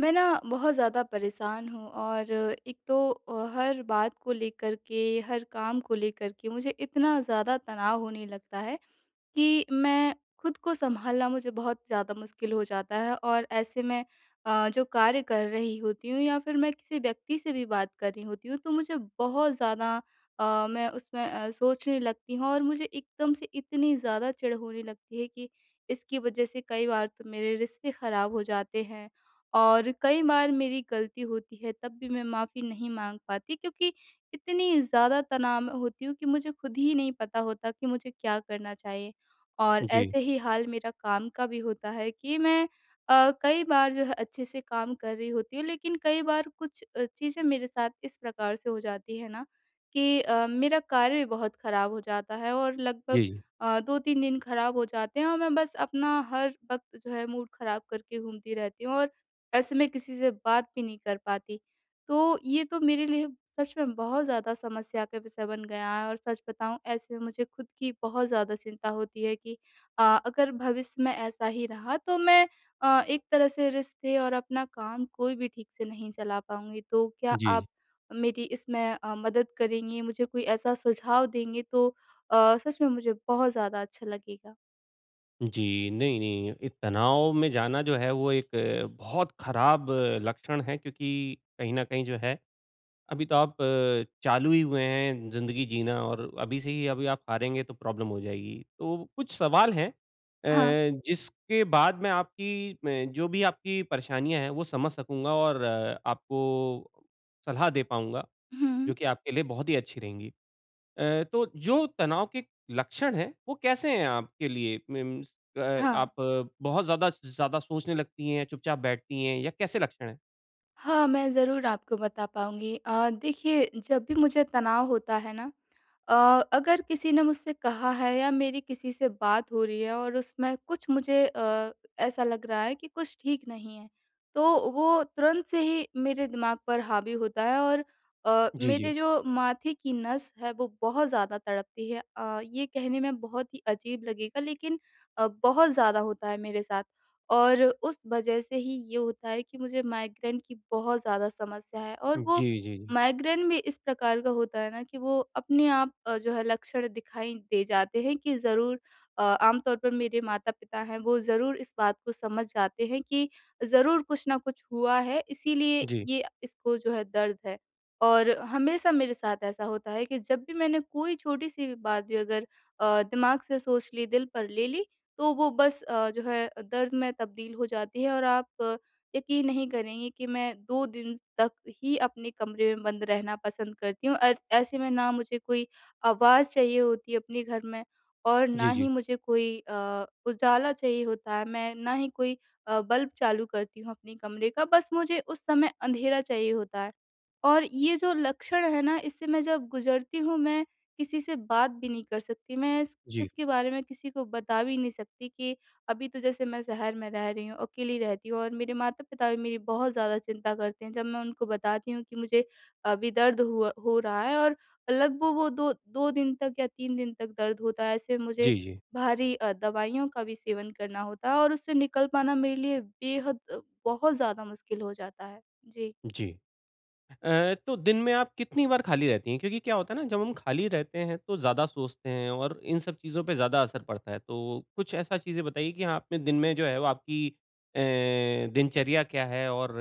मैं ना, बहुत ज़्यादा परेशान हूँ और एक तो अ, हर बात को लेकर के, हर काम को लेकर के मुझे इतना ज़्यादा तनाव होने लगता है। कि मैं खुद को सँभालना मुझे बहुत ज़्यादा मुश्किल हो जाता है और ऐसे में अ, जो कार्य कर रही होती हूँ या फिर मैं किसी व्यक्ति से भी बात कर रही होती हूँ। तो मुझे बहुत ज़्यादा अ, मैं उसमें अ, सोचने लगती हूँ और मुझे एकदम से इतनी ज़्यादा चिढ़ होने लगती है कि इसकी वज़ह से कई बार तो मेरे रिश्ते ख़राब हो जाते हैं। और कई बार मेरी गलती होती है तब भी मैं माफी नहीं माँग पाती क्योंकि, इतनी ज़्यादा तनाव में होती हूँ कि मुझे खुद ही नहीं पता होता कि मुझे क्या करना चाहिए? और जी। ऐसे ही हाल मेरा काम का भी होता है कि मैं अ, कई बार जो है अच्छे से काम कर रही होती हूँ, लेकिन कई बार कुछ अ, चीजें मेरे साथ इस प्रकार से हो जाती है ना। कि अ, मेरा कार्य भी बहुत ख़राब हो जाता है। और लगभग जी। अ, 2-3 दिन ख़राब हो जाते हैं और मैं बस अपना हर वक़्त जो है मूड ख़राब करके घूमती रहती हूँ। और ऐसे मैं किसी से बात भी नहीं कर पाती। तो ये तो मेरे लिए सच में बहुत ज़्यादा समस्या का विषय बन गया है। और सच बताऊँ ऐसे मुझे खुद की बहुत ज़्यादा चिंता होती है कि अ, अगर भविष्य में ऐसा ही रहा तो मैं अ, एक तरह से रिश्ते और अपना काम कोई भी ठीक से नहीं चला पाऊँगी। तो क्या जी। आप मेरी इसमें अ, मदद करेंगी? मुझे कोई ऐसा सुझाव देंगे तो अ, सच में मुझे बहुत ज़्यादा अच्छा लगेगा। जी। नहीं-नहीं, ये तनाव में जाना जो है वो एक बहुत ख़राब लक्षण है क्योंकि कहीं न कहीं जो है अभी तो अ, आप चालू ही हुए हैं ज़िंदगी जीना और अभी से ही अभी आप हारेंगे तो प्रॉब्लम हो जाएगी। तो कुछ सवाल है अ, हाँ। जिसके बाद मैं आपकी मैं जो भी आपकी परेशानियाँ है वो समझ सकूँगा और आपको सलाह दे पाऊँगा। हुँ, जो हुँ। कि आपके लिए बहुत ही अच्छी रहेंगी। अ, तो जो तनाव के लक्षण है, वो कैसे हैं आपके लिए मीन्स अ, हाँ। आप बहुत ज़्यादा ज़्यादा सोचने लगती है? चुपचाप बैठती हैं? या कैसे लक्षण है? हाँ, मैं ज़रूर आपको बता पाऊँगी। अ, देखिए जब भी मुझे तनाव होता है ना। अ, अगर किसी ने मुझसे कहा है या मेरी किसी से बात हो रही है और उसमें कुछ मुझे अ, ऐसा लग रहा है कि कुछ ठीक नहीं है। तो वो तुरंत से ही मेरे दिमाग़ पर हावी होता है। और अ, जी, मेरे जी। जो माथे की नस है वो बहुत ज़्यादा तड़पती है। अ, ये कहने में बहुत ही अजीब लगेगा लेकिन अ, बहुत ज़्यादा होता है मेरे साथ। और उस वज़ह से ही ये होता है कि मुझे माइग्रेन की बहुत ज़्यादा समस्या है। और वो जी, जी, जी। माइग्रेन भी इस प्रकार का होता है ना कि, वो अपने आप जो है लक्षण दिखाई दे जाते हैं कि ज़रूर अ, आमतौर पर मेरे माता-पिता हैं वो ज़रूर इस बात को समझ जाते हैं कि ज़रूर कुछ न कुछ हुआ है इसीलिए जी। ये इसको जो है दर्द है। और हमेशा मेरे साथ ऐसा होता है कि जब भी मैंने कोई छोटी-सी भी बात भी अगर अ, दिमाग़ से सोच ली दिल पर ले ली, तो वो बस अ, जो है दर्द में तब्दील हो जाती है। और आप यक़ीन नहीं करेंगी कि मैं 2 दिन तक ही अपने कमरे में बंद रहना पसंद करती हूँ। ऐस ऐसे में ना मुझे कोई आवाज़ चाहिए होती है अपने घर में, और ना जी, ही जी। मुझे कोई अ, उजाला चाहिए होता है मैं ना ही कोई अ, बल्ब चालू करती हूँ अपने कमरे का। बस मुझे उस समय अँधेरा चाहिए होता है। और ये जो लक्षण है ना, इससे मैं जब गुज़रती हूँ मैं किसी से बात भी नहीं कर सकती। मैं जी। इसके बारे में किसी को बता भी नहीं सकती। कि अभी तो जैसे मैं शहर में रह रही हूँ अकेली रहती हूँ और मेरे माता-पिता भी मेरी बहुत ज़्यादा चिंता करते हैं। जब मैं उनको बताती हूँ कि मुझे अभी दर्द हुआ हो रहा है और लगभग वो 2- 2 दिन तक या 3 दिन तक दर्द होता है। ऐसे मुझे जी, जी। भारी अ, दवाइयों का भी सेवन करना होता है, और उससे निकल पाना मेरे लिए बेहद बहुत ज़्यादा मुश्किल हो जाता है। जी। जी। अ, तो दिन में आप कितनी बार खाली रहती हैं? क्योंकि क्या होता है ना जब हम खाली रहते हैं तो ज़्यादा सोचते हैं, और इन सब चीज़ों पे ज़्यादा असर पड़ता है। तो कुछ ऐसा चीज़ें बताइए कि आपने दिन में जो है वो आपकी अ, दिनचर्या क्या है और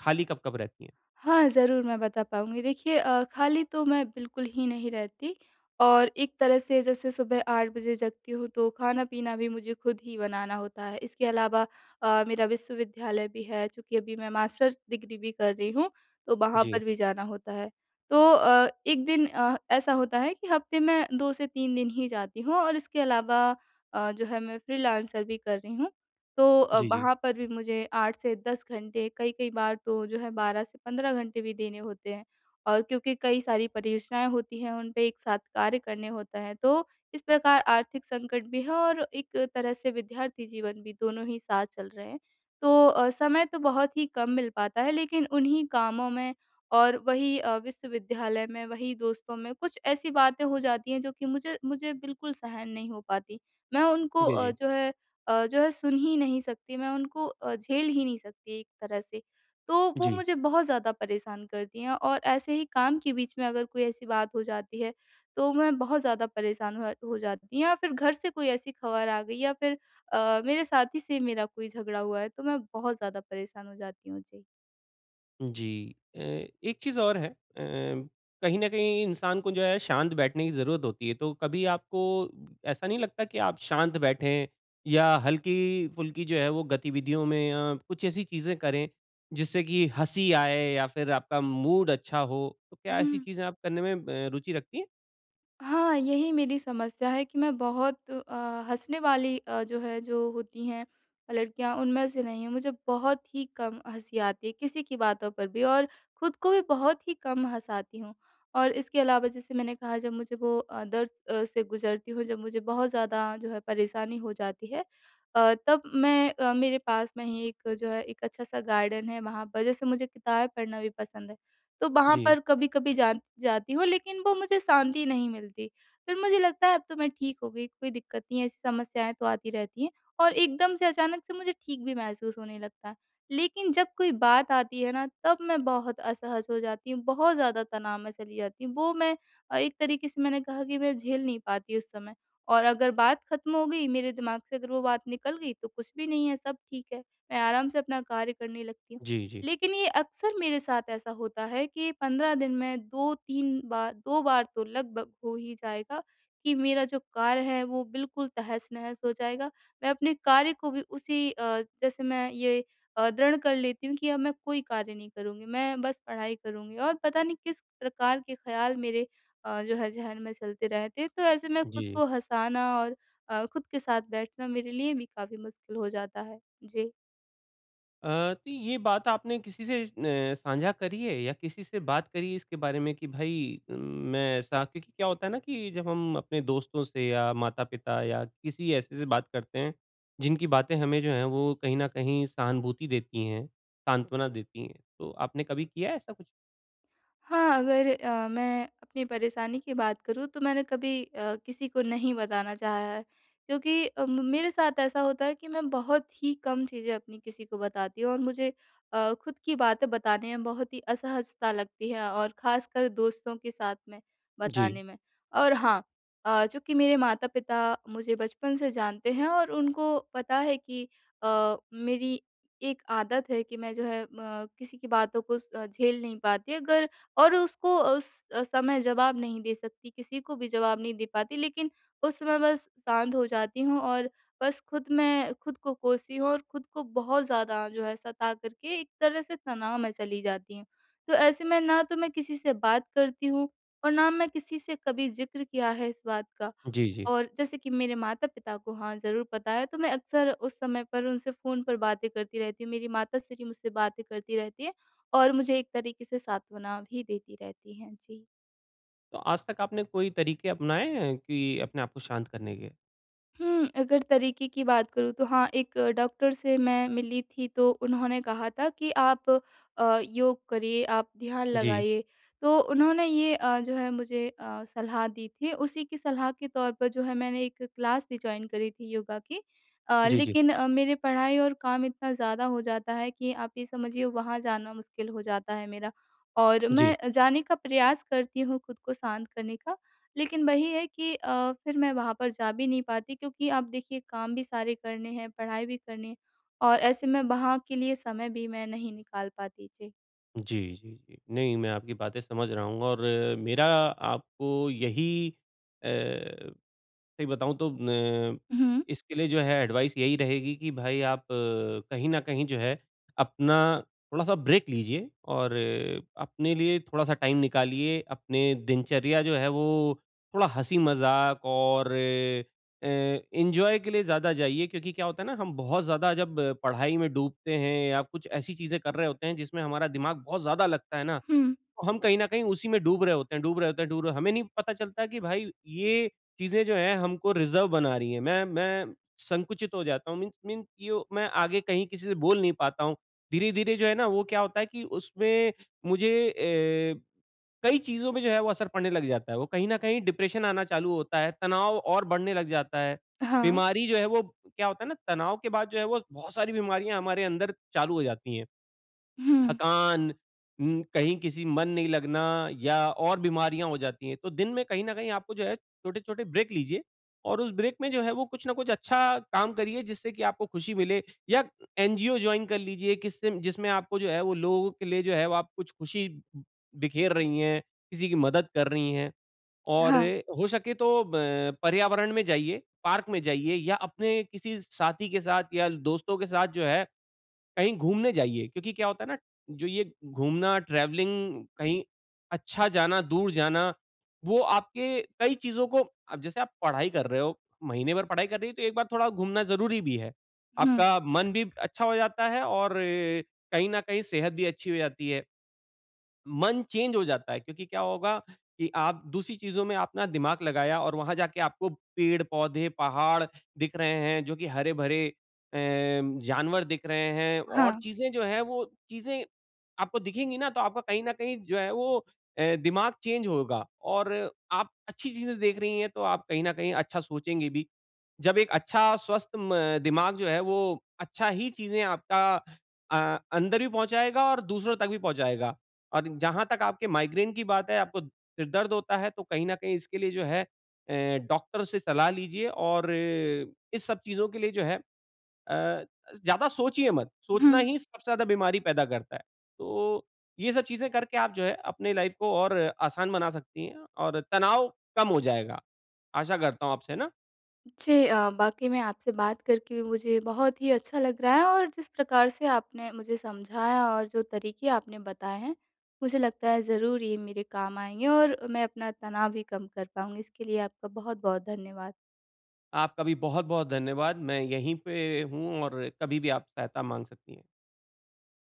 खाली कब-कब रहती है? हाँ, ज़रूर मैं बता पाऊँगी। देखिए अ, खाली तो मैं बिल्कुल ही नहीं रहती। और एक तरह से जैसे सुबह 8 बजे जगती हूँ तो खाना-पीना भी मुझे खुद ही बनाना होता है। इसके अलावा अ, मेरा विश्वविद्यालय भी है, क्योंकि अभी मैं मास्टर्स डिग्री भी कर रही हूँ तो वहाँ जी। पर भी जाना होता है। तो अ, 1 दिन अ, ऐसा होता है कि हफ़्ते में 2 से 3 दिन ही जाती हूँ। और इसके अलावा अ, जो है मैं फ्रीलांसर भी कर रही हूँ। तो अ, जी, जी। वहाँ पर भी मुझे 8 से 10 घंटे कई-कई बार तो जो है 12 से 15 घंटे भी देने होते हैं। और क्योंकि कई सारी परियोजनाएँ होती हैं उन पे एक साथ कार्य करने होते है। तो इस प्रकार आर्थिक संकट भी है और एक तरह से विद्यार्थी जीवन भी दोनों ही साथ चल रहे हैं। तो अ, समय तो बहुत ही कम मिल पाता है लेकिन उन्ही कामों में और वही अ, विश्वविद्यालय में वही दोस्तों में कुछ ऐसे बातें हो जाती हैं जो कि मुझे मुझे बिल्कुल सहन नहीं हो पाती। मैं उनको जी, अ, जी। जो है अ, जो है सुन ही नहीं सकती। मैं उनको अ, झेल ही नहीं सकती एक तरह से। तो वो जी। मुझे बहुत ज़्यादा परेशान करती हैं। और ऐसे ही काम के बीच में अगर कोई ऐसी बात हो जाती है तो मैं बहुत ज़्यादा परेशान हो हो जाती हूँ। या फिर घर से कोई ऐसी ख़बर आ गई या फिर अ, मेरे साथी से मेरा कोई झगड़ा हुआ है तो मैं बहुत ज़्यादा परेशान हो जाती हूँ। जी। जी। अ, एक चीज़ और है अ, कहीं न कहीं इंसान को जो है शांत बैठने की ज़रूरत होती है। तो कभी आपको ऐसा नहीं लगता कि आप शांत बैठें या हल्की-फुल्की जो है, वो गतिविधियों में अ, कुछ ऐसी चीज़ें करें, जिससे कि हँसी आए या फिर आपका मूड अच्छा हो। तो क्या ऐसी हुँ। चीज़ें आप करने में म अ, रूचि रखती हैं? हाँ, यही मेरी समस्या है कि मैं बहुत अ, हँसने वाली अ, जो है जो होती हैं अ, लड़कियाँ उनमें से नहीं हूँ, मुझे बहुत ही कम हँसी आती है, किसी की बातों पर भी और खुद को भी बहुत ही कम हँसाती हूँ। और इसके अलावा जैसे मैंने कहा जब मुझे वो अ, दर्द से गुज़रती हूँ, जब मुझे बहुत ज़्यादा जो है परेशानी हो जाती है अ, तब मैं अ, मेरे पास में ही एक जो है, एक अच्छा-सा गार्डन है वहाँ पर जैसे मुझे किताबें पढ़ना भी पसंद है। तो वहाँ जी। पर कभी-कभी जान जाती हूँ लेकिन वो मुझे शांति नहीं मिलती, फिर मुझे लगता है अब तो मैं ठीक हो गई, कोई दिक्कत नहीं है ऐसी समस्याएँ तो आती रहती हैं और एकदम से अचानक से मुझे ठीक भी महसूस होने लगता है। लेकिन जब कोई बात आती है ना, तब मैं बहुत असहज हो जाती हूँ, बहुत ज़्यादा तनाव में चली जाती हूँ, वो मैं अ, एक तरीके से मैंने कहा कि मैं झेल नहीं पाती उस समय। और अगर बात ख़त्म हो गई, मेरे दिमाग़ से अगर वो बात निकल गई, तो कुछ भी नहीं है, सब ठीक है, मैं आराम से अपना कार्य करने लगती हूँ। जी, जी। लेकिन ये अक्सर मेरे साथ ऐसा होता है कि 15 दिन में 2-3 बार 2 बार तो लगभग हो ही जाएगा, कि मेरा जो कार्य है वो बिल्कुल तहस-नहस हो जाएगा, मैं अपने कार्य को भी उसी अ, जैसे मैं ये अ, दृढ़ कर लेती हूँ कि अब मैं कोई कार्य नहीं करूँगी, मैं बस पढ़ाई करूँगी और पता नहीं किस प्रकार के ख़्याल मेरे अ, जो है ज़हन में चलते रहते हैं। तो ऐसे मैं ख़ुद जी। को हँसाना और अ, ख़ुद के साथ बैठना मेरे लिए भी काफ़ी मुश्किल हो जाता है। जी। अ, तो ये बात आपने किसी से अ, साझा करी है या किसी से बात करी इसके बारे में? कि भई उम, मैं ऐसा क्योंकि क्या होता है न कि जब हम अपने दोस्तों से या माता-पिता या किसी ऐसे से बात करते हैं, जिनकी बातें हमें जो हैं वो कहीं न कहीं सहानुभूति देती हैं, सांत्वना देती हैं। तो आपने कभी किया है ऐसा कुछ? हाँ। अगर अ, मैं अपनी परेशानी की बात करूँ तो मैंने कभी अ, किसी को नहीं बताना चाहा है। क्योंकि अ, म म मेरे साथ ऐसा होता है कि मैं बहुत ही कम चीज़ें अपनी किसी को बताती हूँ और मुझे अ, ख़ुद की बातें बताने में बहुत ही असहजता लगती है और ख़ासकर दोस्तों के साथ में जी। बताने में। और हाँ अ, चूँकि मेरे माता-पिता मुझे बचपन से जानते हैं। और उनको पता है कि अ, मेरी एक आदत है कि मैं जो है म किसी की बातों को झेल नहीं पाती अगर और उसको उस समय जवाब नहीं दे सकती, किसी को भी जवाब नहीं दे पाती। लेकिन उस समय बस शांत हो जाती हूँ और बस ख़ुद मैं ख़ुद को कोसी हूँ और ख़ुद को बहुत ज़्यादा जो है सता करके एक तरह से तनाव में चली जाती हूँ। तो ऐसे में ना तो मैं किसी से बात करती हूँ और ना मैं किसी से कभी ज़िक्र किया है इस बात का। जी, जी। और जैसे कि मेरे माता-पिता को हाँ ज़रूर पता है। तो मैं अक्सर उस समय पर उनसे फ़ोन पर बातें करती रहती हूँ। मेरी माता श्री मुझसे बातें करती रहती हैं, और मुझे एक तरीके से सांत्वना भी देती रहती हैं। जी। तो आज तक आपने कोई तरीके अपनाए हैं कि अपने आप को शांत करने के? हुँ, अगर तरीक़े की बात करूँ तो हाँ एक डॉक्टर से मैं मिली थी तो उन्होंने कहा था कि आप अ, योग करिए, आप ध्यान जी। लगाइए, तो उन्होंने ये अ, जो है मुझे अ, सलाह दी थी, उसी की सलाह के तौर पर जो है मैंने एक क्लास भी जॉइन करी थी योगा की। अ, जी, जी। लेकिन मेरी पढ़ाई और काम इतना ज़्यादा हो जाता है कि आप ये समझिए वहाँ जाना मुश्किल हो जाता है मेरा और जी। मैं जाने का प्रयास करती हूँ ख़ुद को शांत करने का, लेकिन वही है कि अ, फिर मैं वहाँ पर जा भी नहीं पाती क्योंकि आप देखिए काम भी सारे करने हैं, पढ़ाई भी करनी है और ऐसे में वहाँ के लिए समय भी मैं नहीं निकाल पाती। जी। जी, जी, जी, नहीं, मैं आपकी बातें समझ रहा हूँ और मेरा आपको यही अ, सही बताऊ तो न हुँ। इसके लिए जो है एडवाइस यही रहेगी कि भाई आप कहीं न कहीं जो है अपना थोड़ा-सा ब्रेक लीजिये, और अपने लिए थोड़ा-सा टाइम निकालिए, अपने दिनचर्या जो है वो थोड़ा हँसी-मज़ाक और अ, एन्जॉय के लिए ज़्यादा जाइए क्योंकि क्या होता है ना हम बहुत ज़्यादा जब पढ़ाई में डूबते हैं या कुछ ऐसी चीज़ें कर रहे होते हैं जिसमें हमारा दिमाग़ बहुत ज़्यादा लगता है ना, हुँ। तो हम कहीं न कहीं उसी में डूब रहे होते हैं, डूब रहे होते हैं, डूब रहे हैं हमें नहीं पता चलता है कि भाई ये चीज़ें जो है हमको रिज़र्व बना रही है, मैं मैं संकुचित हो जाता हूँ मीन्स मीन्स कि यो मैं आगे कहीं किसी से बोल नहीं पाता हूँ, धीरे-धीरे जो है ना वो क्या होता है कि उसमें मुझे अ, कई चीज़ों में जो है वो असर पड़ने लग जाता है, वो कहीं न कहीं डिप्रेशन आना चालू होता है, तनाव और बढ़ने लग जाता है, हाँ। बीमारी जो है वो क्या होता है ना तनाव के बाद जो है वो बहुत सारी बीमारियाँ हमारे अंदर चालू हो जाती है, हुँ। थकान, म कहीं किसी मन नहीं लगना या और बीमारियाँ हो जाती है तो दिन में कहीं न कहीं आपको जो है, छोटे-छोटे ब्रेक लीजिये और उस ब्रेक में जो है वो कुछ न कुछ अच्छा काम करिए जिससे की आपको ख़ुशी मिले, या एनजीओ जॉइन कर लीजिए किस जिसमें आपको जो है वो लोगों के लिए जो है आप कुछ ख़ुशी बिखेर रही है, किसी की मदद कर रही है और हाँ। हो सके तो ब पर्यावरण में जाइए, पार्क में जाइए या अपने किसी साथी के साथ या दोस्तों के साथ जो है कहीं घूमने जाइए, क्योंकि क्या होता है ना जो ये घूमना ट्रैवलिंग कहीं अच्छा जाना, दूर जाना, वो आपके कई चीज़ों को अब जैसे आप पढ़ाई कर रहे हो, महीने भर पढ़ाई कर रही हो तो एक बार थोड़ा घूमना ज़रूरी भी है। हुँ। आपका मन भी अच्छा हो जाता है और अ, कहीं न कहीं सेहत भी अच्छी हो जाती है। मन चेंज हो जाता है क्योंकि क्या होगा की आप दूसरी चीज़ों में अपना दिमाग़ लगाया और वहाँ जाके आपको पेड़-पौधे, पहाड़ दिख रहे हैं जो कि हरे-भरे अ, जानवर दिख रहे हैं और हाँ। चीज़ें जो हैं वो चीज़ें आपको दिखेंगी ना तो आपको कहीं न कहीं जो है वो अ, दिमाग़ चेंज होगा और आप अच्छी चीज़ें देख रही है तो आप कहीं न कहीं अच्छा सोचेंगे भी, जब एक अच्छा स्वस्थ म दिमाग जो है वो अच्छा ही चीज़ें आपका अ, अंदर भी पहुँचाएगा और दूसरों तक भी पहुँचाएगा। और जहाँ तक आपके माइग्रेन की बात है आपको सिर-दर्द होता है तो कहीं न कहीं इसके लिए जो है अ, डॉक्टर से सलाह लीजिये और इस सब चीज़ों के लिए जो है अ, ज़्यादा सोचिये मत, सोचना हुँ। ही सबसे ज़्यादा बीमारी पैदा करता है। तो ये सब चीज़ें करके आप जो है अपनी लाइफ़ को और आसान बना सकती है और तनाव कम हो जाएगा। आशा करता हूँ आपसे ना जी, अ, वाक़ई मैं आपसे बात करके मुझे बहुत ही अच्छा लग रहा है और जिस प्रकार से आपने मुझे समझाया और जो तरीक़े आपने बताए हैं, मुझे लगता है ज़रूर ये मेरे काम आएँगे और मैं अपना तनाव भी कम कर पाऊँगी इसके लिए आपका बहुत-बहुत धन्यवाद। आपका भी बहुत बहुत धन्यवाद, मैं यही पे हूँ और कभी भी आप सहायता मांग सकती हैं।